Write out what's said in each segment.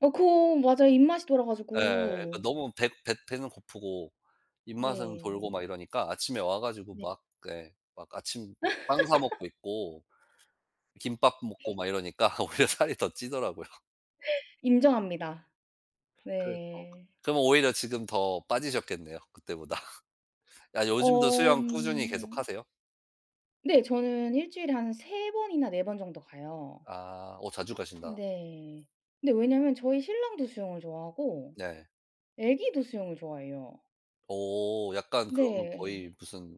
어 그럼 맞아요. 입맛이 돌아 예. 그 가지고. 너무 배 배 배는 고프고 입맛은 돌고 네. 막 이러니까 아침에 와 가지고 네. 막 그 예 막 아침 빵 사 먹고 있고 김밥 먹고 [unintelligible] 막 이러니까 오히려 살이 더 찌더라고요. 인정합니다. 그 어 네. 그럼 오히려 지금 더 빠지셨겠네요 그때보다. 아 요즘도 어 수영 꾸준히 음. 계속하세요? 네. 저는 1 주일에 한 3 번이나 4 번 정도 가요. 아. 어 자주 가신다. 네. 근데 왜냐면 저희 신랑도 수영을 좋아하고 네. 애기도 수영을 좋아해요. 오 약간 그러면 거의 네. 무슨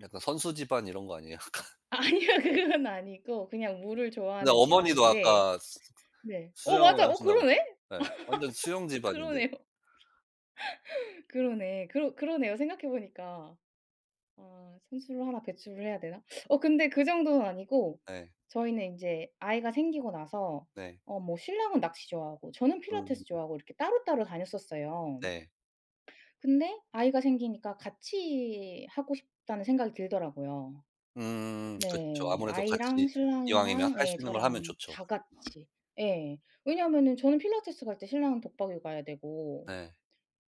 약간 선수 집안 이런 거 아니에요 약간? 아니에요. 그거는 아니고 그냥 물을 근데 좋아하는 어머니도 집안인데. 아까 수 네 어 수영을 맞아요. 어 하신다고 그러네. 예 완전 수영 집안인데. 그러네요. 그러네. 그러 그러네요 생각해 보니까. 아 선수를 하나 배출을 해야 되나? 어 근데 그 정도는 아니고 네. 저희는 인제 아이가 생기고 나서 네. 어 뭐 신랑은 낚시 좋아하고 저는 음. 필라테스 좋아하고 이렇게 따로따로 다녔었어요. 네. 근데 아이가 생기니까 '같이 하고 싶다.'는 생각이 들더라고요. 음 그쵸. 네. 아무래도 아이랑 같이 이왕이면 신랑이랑 할 예 수 있는 걸 하면 저랑 좋죠. 다 같이. 예 왜냐면은 저는 필라테스 갈 때 신랑은 독박육아 해야 되고 네.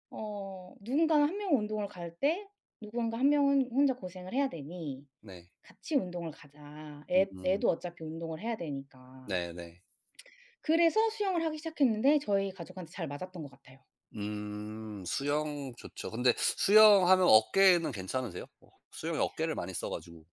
어 '누군가 1 명은 운동을 갈 때 누군가 1 명은 혼자 고생을 해야 되니 네. 같이 운동을 가자.' 애 으음. 애도 어차피 운동을 해야 되니까. 네 네. 그래서 수영을 하기 시작했는데 저희 가족한테 잘 맞았던 것 같아요. 음 수영 좋죠. 근데 수영하면 어깨는 괜찮으세요? 수영이 어깨를 많이 써 가지고.